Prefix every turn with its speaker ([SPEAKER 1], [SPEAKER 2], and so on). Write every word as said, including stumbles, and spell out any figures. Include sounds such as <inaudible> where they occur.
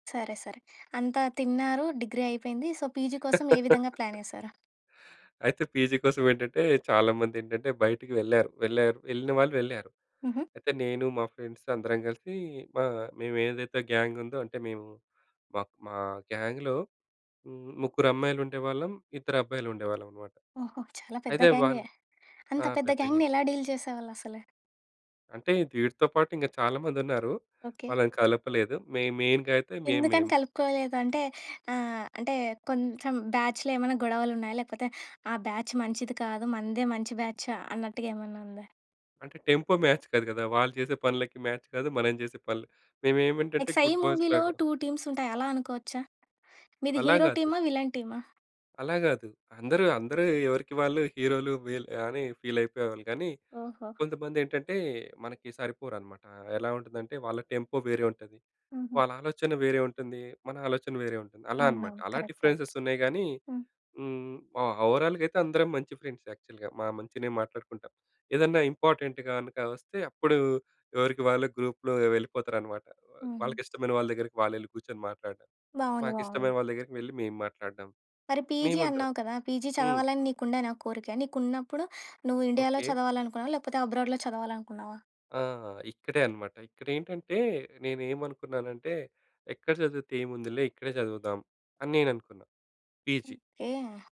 [SPEAKER 1] సరే. సరే. అంతా తిన్నారు. డిగ్రీ అయిపోయింది. సో, పీజీ కోసం ఏ విధంగా
[SPEAKER 2] <laughs>
[SPEAKER 1] ప్లానేశారా?
[SPEAKER 2] అయితే, పీజీ కోసం ఏంటంటే, చాలామందేంటంటే, బయటికి వెళ్లారు. వెళ్ళేరు. వెళ్ళినవాళ్ళు వెళ్ళేరు.
[SPEAKER 1] హుహు.
[SPEAKER 2] అయితే నేను, మా ఫ్రెండ్స్ అందరం కలిసి, ఆహ్, మేవేదైతే గ్యాంగుందో, అంటే మేవు, మాక్ మా గ్యాంగ్‌లో హ్మ్. ముగ్గురమ్మాయిలుండేవాళ్ళం. ఇద్దరబ్బాయిలుండేవాళ్ళం అనమాట.
[SPEAKER 1] ఓహో! చాలా పెద్ద
[SPEAKER 2] అయితే
[SPEAKER 1] గ్యాంగే!
[SPEAKER 2] వాళ్ళు
[SPEAKER 1] అంత
[SPEAKER 2] ఆ!
[SPEAKER 1] పెద్ద
[SPEAKER 2] పెద్దగే.
[SPEAKER 1] గ్యాంగ్‌ని, ఎలా డీల్ చేసేవాళ్ళసలు?
[SPEAKER 2] అంటే, దీటీతో పాటు ఇంగ చాలామందున్నారూ.
[SPEAKER 1] ఓకే.
[SPEAKER 2] వాళ్ళని కలపలేదు. మె మెయిన్‌గా అయితే, మేం మేం.
[SPEAKER 1] ఎందుకని కలుపుకోలేదు? అంటే, ఆహ్, అంటే కొంచెం బ్యాచ్‌లో ఏమేనా గొడవలున్నాయా? లేకపోతే ఆ బ్యాచ్ మంచిది కాదు. మనదే మంచి బ్యాచ్ అన్నట్టుగా ఏమన్నా ఉందా?
[SPEAKER 2] అంటే, టెంపో మ్యాచ్ కాదు కదా! వాళ్ళు చేసే పనులకి మ్యాచ్ కాదు. మనం చేసే పనులు మేమేం అంటే,
[SPEAKER 1] లైక్
[SPEAKER 2] అంటే
[SPEAKER 1] 'సై'
[SPEAKER 2] గుడ్ బోయ్స్‌
[SPEAKER 1] మూవీలో
[SPEAKER 2] లాగా
[SPEAKER 1] టూ టీమ్స్ ఉంటాయి. అలా అనుకోవచ్చా? మీది
[SPEAKER 2] అలా
[SPEAKER 1] హీరో
[SPEAKER 2] కాదు.
[SPEAKER 1] టీమా? విలన్ టీమా?
[SPEAKER 2] అలా కాదు. అందరూ, అందరూ ఎవరికి వాళ్ళు హీరో‌లు వీల్ అని ఫీలయిపోయేవాళ్ళు కానీ,
[SPEAKER 1] ఓహో!
[SPEAKER 2] కొంతమందేంటంటే, మనకి సరిపోరనమాట. ఎలా ఉంటుందంటే, వాళ్ళ టెంపో వేరే ఉంటది.
[SPEAKER 1] హుహు.
[SPEAKER 2] వాళ్ళ ఆలోచన వేరే ఉంటుంది. మన ఆలోచన వేరే ఉంటుంది. అలా అనమాట.
[SPEAKER 1] అవునవును.
[SPEAKER 2] అలా
[SPEAKER 1] కరెక్ట్. కరెక్ట్.
[SPEAKER 2] డిఫరెన్సెస్ ఉన్నాయి గానీ,
[SPEAKER 1] హ్మ్.
[SPEAKER 2] హ్మ్. ఓ ఓవరాల్‌గా అయితే, అందరం మంచి ఫ్రెండ్స్ యాక్చువల్‌గా. మా మంచినే మాట్లాడుకుంటాం. ఏదెన్నా ఇంపార్టెంట్ గనక వస్తే, అప్పుడు ఎవరికి వాళ్ళ గ్రూప్‌లో వెళ్ళిపోతారనమాట. వా
[SPEAKER 1] హుహు.
[SPEAKER 2] వాళ్ళకిష్టమైన వాళ్ళ దగ్గరికి వాళ్ళెళ్ళి కూచొని మాట్లాడడం.
[SPEAKER 1] బావుంది. బావుంది.
[SPEAKER 2] మాకిష్టమైన వాళ్ళదగ్గరికి వెళ్లి, మేము మాట్లాడడం.
[SPEAKER 1] మరి పీజీ
[SPEAKER 2] మేమందరం.
[SPEAKER 1] అన్నావు కదా! పీజీ
[SPEAKER 2] హ్మ్.
[SPEAKER 1] చదవాలని నీకుండేనా కోరిక? నీకున్నప్పుడు, నువ్వు ఇండియాలో
[SPEAKER 2] ఓకే.
[SPEAKER 1] చదవాలనుకున్నావా? లేకపోతే అబ్రాడ్‌లో చదవాలనుకున్నావా?
[SPEAKER 2] ఆ! ఆ! ఇక్కడే అనమాట. ఇక్కడేంటంటే, నేనేమనుకున్నానంటే, ఎక్కడ చదివితే ఏముందిలే? ఇక్కడే చదువుదాం. అని నేననుకున్నా. పీజీ.
[SPEAKER 1] ఓకే.